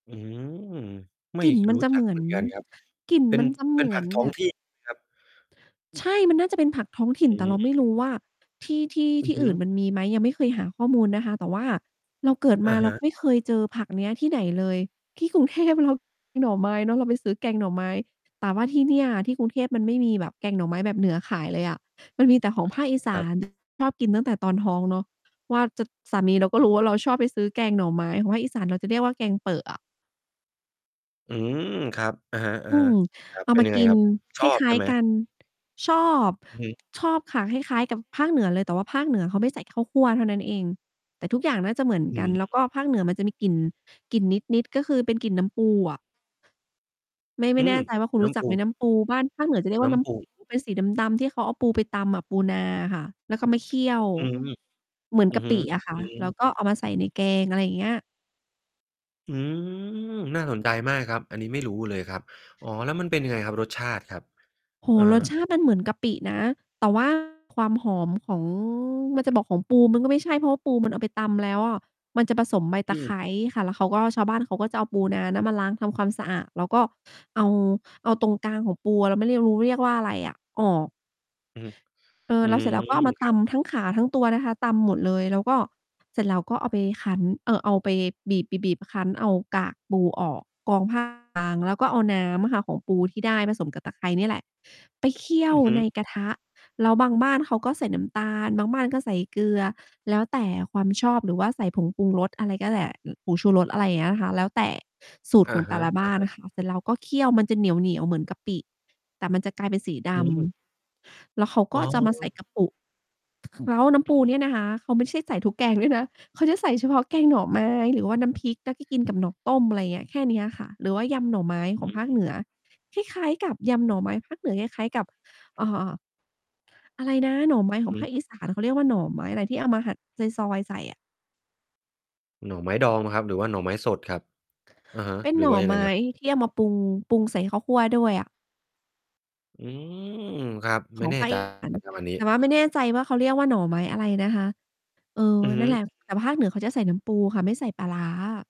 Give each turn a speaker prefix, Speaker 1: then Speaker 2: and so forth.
Speaker 1: อืม ไม
Speaker 2: ก
Speaker 1: ่
Speaker 2: ลิ่นมั
Speaker 1: ร
Speaker 2: น
Speaker 1: ู้
Speaker 2: จะ
Speaker 1: จ
Speaker 2: เ
Speaker 1: ั
Speaker 2: หม
Speaker 1: ก
Speaker 2: ื
Speaker 1: เ
Speaker 2: อ
Speaker 1: หม
Speaker 2: น
Speaker 1: ือนกันครับ
Speaker 2: กลิ่น
Speaker 1: เป็
Speaker 2: ม
Speaker 1: น
Speaker 2: ันจะเ
Speaker 1: เป
Speaker 2: หม
Speaker 1: ็น
Speaker 2: ื
Speaker 1: ผ
Speaker 2: อ
Speaker 1: ัก
Speaker 2: น
Speaker 1: ท้อ
Speaker 2: แบ
Speaker 1: ง
Speaker 2: บ
Speaker 1: ที่ถูกไหมครับ?
Speaker 2: ใช่ มันน่าจะเป็นผักท้องถิ่
Speaker 1: อ
Speaker 2: น
Speaker 1: ื
Speaker 2: แต่เรา ไม่ร
Speaker 1: ม
Speaker 2: ู้ว่า ที่ ที่
Speaker 1: อ
Speaker 2: ท
Speaker 1: ือ
Speaker 2: ี่
Speaker 1: ฮ
Speaker 2: อ
Speaker 1: ึ
Speaker 2: ื่นมันมีไหม ยังไม่เคยหาข้อมูลนะคะ แต่ว่าเราเกิด
Speaker 1: อ
Speaker 2: ม
Speaker 1: ะ
Speaker 2: า
Speaker 1: ฮ
Speaker 2: เรา
Speaker 1: ะ
Speaker 2: ไม่เคยเจอผักเนี้ยที่ไหนเลย ที่ กรุงเทพเรา มีหน่อไม้เนาะ เราไปซื้อแกงหน่อไม้ แต่ว่าที่เนี่ย ที่กรุงเทพมันไม่มีแบบแกงหน่อไม้แบบเหนือขายเลยอะ มันมีแต่ ของภาคอีส
Speaker 1: คร
Speaker 2: า
Speaker 1: ับ
Speaker 2: น ชอบกินตั้งแต่ตอนท้องเนาะ ว่าจะ สามีเราก็
Speaker 1: อ
Speaker 2: รู้
Speaker 1: ืม
Speaker 2: ว่าเราชอบไปซื้อแกงหน่อไม้ ของภาคอีสานเราจะเรียกว่าแกงเปอะอะ
Speaker 1: อืม ครับ อะฮะ
Speaker 2: อืม
Speaker 1: ๆ ครั
Speaker 2: เ
Speaker 1: บ
Speaker 2: อา
Speaker 1: เป็
Speaker 2: ม
Speaker 1: น
Speaker 2: า
Speaker 1: ยังไง
Speaker 2: กิ
Speaker 1: ค
Speaker 2: น
Speaker 1: รับ ช
Speaker 2: ค
Speaker 1: อบ
Speaker 2: ล
Speaker 1: ใ
Speaker 2: ้
Speaker 1: ช
Speaker 2: า
Speaker 1: ่
Speaker 2: ย
Speaker 1: ไหม?
Speaker 2: ๆ กัน ชอบ
Speaker 1: อือฮึ
Speaker 2: ชอบค่ะคล้าย ๆ กับภาคเหนือเลย แต่ว่าภาคเหนือเขาไม่ใส่ข้าวคั่วเท่านั้นเอง แต่ทุกอย่างน่าจะเหมือน
Speaker 1: อื
Speaker 2: กัน
Speaker 1: ม
Speaker 2: แล้วก็ภาคเหนือมันจะมีกลิ่น กลิ่นนิด ๆ ก็คือเป็นกลิ่นน้ำปูอะ ไม่ ไม
Speaker 1: อื
Speaker 2: ่แน่
Speaker 1: ม
Speaker 2: ใจว่าคุณ
Speaker 1: น
Speaker 2: ร
Speaker 1: ้
Speaker 2: ู้จ
Speaker 1: ำ
Speaker 2: ั
Speaker 1: ป
Speaker 2: ก
Speaker 1: ู
Speaker 2: ไหม? น้ำปูบ้าน ภาคเหนือจะเรียก
Speaker 1: น
Speaker 2: ว่
Speaker 1: ้
Speaker 2: า น้
Speaker 1: ำ ป
Speaker 2: ำ
Speaker 1: ู
Speaker 2: ปู เป็นสี ดำ ๆ ที่เขาเอาปูไปตำปูนาอะค่ะ แล้วก็มาเคี่ยว
Speaker 1: อืม
Speaker 2: เหมือน
Speaker 1: อื
Speaker 2: ก
Speaker 1: อ
Speaker 2: ะ
Speaker 1: ฮ
Speaker 2: ป
Speaker 1: ึ
Speaker 2: ิอะค่ะ
Speaker 1: อื
Speaker 2: แล้ว
Speaker 1: ม
Speaker 2: ก็เอามาใส่ในแกง อะไรอย่างเงี้ย
Speaker 1: อืม น่าสนใจมากครับ อันนี้ ไม่รู้ เลยครับ อ๋อ แล้วมันเป็นยังไงครับ รสชาติครับ
Speaker 2: โอ้โ
Speaker 1: อ
Speaker 2: ฮ
Speaker 1: ะ
Speaker 2: ร
Speaker 1: ฮะ
Speaker 2: สชาติมันเหมือนกะปินะ แต่ ว่า ความหอมของ มันจะบอกของปูมันก็ไม่ใช่ เพราะว่าปู มันเอาไป ตำแล้วอะ มันจะผสมใบ
Speaker 1: อ
Speaker 2: ตะไค
Speaker 1: ืม
Speaker 2: ร้ค่ะ แล้วเขาก็ ชาวบ้านเขาก็จะเอาปูนาน่ะมาล้างทำความสะอาดแล้ว ก็เอา เอาตรงกลางของปู เราไม่เรียก รู้เรียกว่าอะไรอะ ออก
Speaker 1: อือฮึ
Speaker 2: เออ
Speaker 1: อื
Speaker 2: แล้ว เสร็จแล
Speaker 1: ม
Speaker 2: ้วก็เอามา
Speaker 1: ค
Speaker 2: ต
Speaker 1: รับ
Speaker 2: ำทั้งขาทั้งตัวนะคะ ตำหมดเลย แล้วก็ เสร็จแล้วก็เอาไปคั้น เอ่อ เอาไปบีบ ๆ ๆ คั้นเอากากปูออก กรอง ผ้าขาว บางแล้วก็เอาน้ำอะค่ะ ของปูที่ได้ผสมกับตะไคร้เนี่ยแหละ ไปเคี่ย
Speaker 1: อื
Speaker 2: ว
Speaker 1: อฮึ
Speaker 2: ในกระทะ แล้วบางบ้านเขาก็ใส่น้ำตาล บางบ้านก็ใส่เกลือ แล้วแต่ความชอบหรือว่าใส่ผงปรุงรสอะไร ก็แหละ อึ ผงชูรส อะไรอย่างเงี้ยค่ะ แล้วแต่สูต
Speaker 1: อ
Speaker 2: ร
Speaker 1: ะ
Speaker 2: ของแ
Speaker 1: ฮ
Speaker 2: ต่
Speaker 1: ะ
Speaker 2: ละบ
Speaker 1: อ
Speaker 2: ้
Speaker 1: ะ
Speaker 2: าน
Speaker 1: ฮะ
Speaker 2: อะค่ะ เสร็จแล้วก็เคี้ยวมันจะเหนียว ๆ เหมือนกะปิ แต่มันจะกลายเป็นสีด
Speaker 1: อืม
Speaker 2: ำ แล้วเขาก
Speaker 1: อ
Speaker 2: ็
Speaker 1: ๋อ
Speaker 2: จะมาใส่กระปุก แล้วน้
Speaker 1: อ
Speaker 2: ำ
Speaker 1: ื
Speaker 2: ป
Speaker 1: อ
Speaker 2: ู
Speaker 1: ฮ
Speaker 2: เ
Speaker 1: ึ
Speaker 2: นี่ยนะคะ เขาไม่ใช่ใส่ทุกแกง ด้วยนะ เขาจะใส่เฉพาะแกงหน่อไม้หรือว่าน้ำพริก แล้วก็กินกับหน่อต้ม อะไรเงี้ย แค่นี้อะค่ะ หรือว่ายำหน่อไม้ข
Speaker 1: อ
Speaker 2: อง
Speaker 1: ื
Speaker 2: ภ
Speaker 1: อ
Speaker 2: าค
Speaker 1: ฮ
Speaker 2: เห
Speaker 1: ึ
Speaker 2: นือ คล้าย ๆ กับยำหน่อไม้ ภาคเหนือ คล้าย ๆ กับ เอ่อ อะไรนะ หน่อไม้ของภ
Speaker 1: อือ
Speaker 2: าคอีสานเขาเรียกว่าหน่อไม้อะไรที่เอามาหั่นซอย ๆ ใส่อะ
Speaker 1: หน่อไม้ดองเปล่าครับ? หรือว่าหน่อไม้สดครับ อะฮะ
Speaker 2: เป็น
Speaker 1: หรื
Speaker 2: หน
Speaker 1: อ
Speaker 2: ่อ
Speaker 1: ว่ายัง
Speaker 2: ไ
Speaker 1: ไ
Speaker 2: ม
Speaker 1: ง
Speaker 2: ้
Speaker 1: ครับ?
Speaker 2: ที่เอามาปรุง ปรุงใส่ข้าวคั่วด้วยอะ
Speaker 1: อืม ครับ
Speaker 2: ข
Speaker 1: ไม่
Speaker 2: อง
Speaker 1: แน่
Speaker 2: ภาค
Speaker 1: ใจ
Speaker 2: อีสาน
Speaker 1: ครับอันนี้
Speaker 2: แต่ว่าไม่แน่ใจว่าเขาเรียกว่าหน่อไม้อะไรนะคะ เออ
Speaker 1: อือฮ
Speaker 2: นั
Speaker 1: ึ อ
Speaker 2: ่
Speaker 1: ื
Speaker 2: น
Speaker 1: อ
Speaker 2: แหล
Speaker 1: ฮ
Speaker 2: ะ แต
Speaker 1: ึ
Speaker 2: ่ภาคเหนือเขาจะใส่น้ำปูค่ะ ไม่ใส่ปลาร้า